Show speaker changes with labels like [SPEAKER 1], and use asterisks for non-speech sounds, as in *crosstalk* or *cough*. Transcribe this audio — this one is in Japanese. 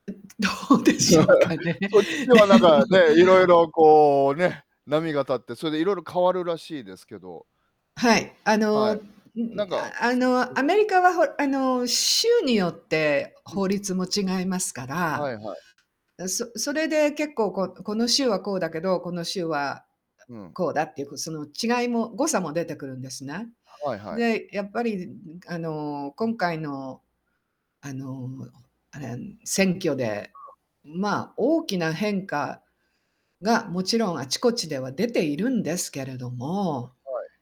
[SPEAKER 1] う、どうでしょうか
[SPEAKER 2] *laughs*
[SPEAKER 1] ね。
[SPEAKER 2] そっちはなん
[SPEAKER 1] で
[SPEAKER 2] か、
[SPEAKER 1] も
[SPEAKER 2] ね、いろいろこうね、波が立って、それでいろいろ変わるらしいですけど
[SPEAKER 1] はい。あの、
[SPEAKER 2] はい。
[SPEAKER 1] う
[SPEAKER 2] なんか、
[SPEAKER 1] ああ
[SPEAKER 2] そ、う
[SPEAKER 1] のア
[SPEAKER 2] ん。
[SPEAKER 1] メリカはほあの州によって
[SPEAKER 2] う
[SPEAKER 1] 法
[SPEAKER 2] ん。
[SPEAKER 1] 律も違いますか
[SPEAKER 2] はいはい。
[SPEAKER 1] ら、そそれで結構ここの州はこうだけど、この州はあ
[SPEAKER 2] うん。
[SPEAKER 1] こうだっていうその違いも誤差も出てくるんですね。
[SPEAKER 2] はいはい。
[SPEAKER 1] で、やっぱりんあの今回のあのあれ、ん、選挙で
[SPEAKER 2] うん。
[SPEAKER 1] ま、大きな変化が、もちろんあちこちでは出ているんですけれども
[SPEAKER 2] はい。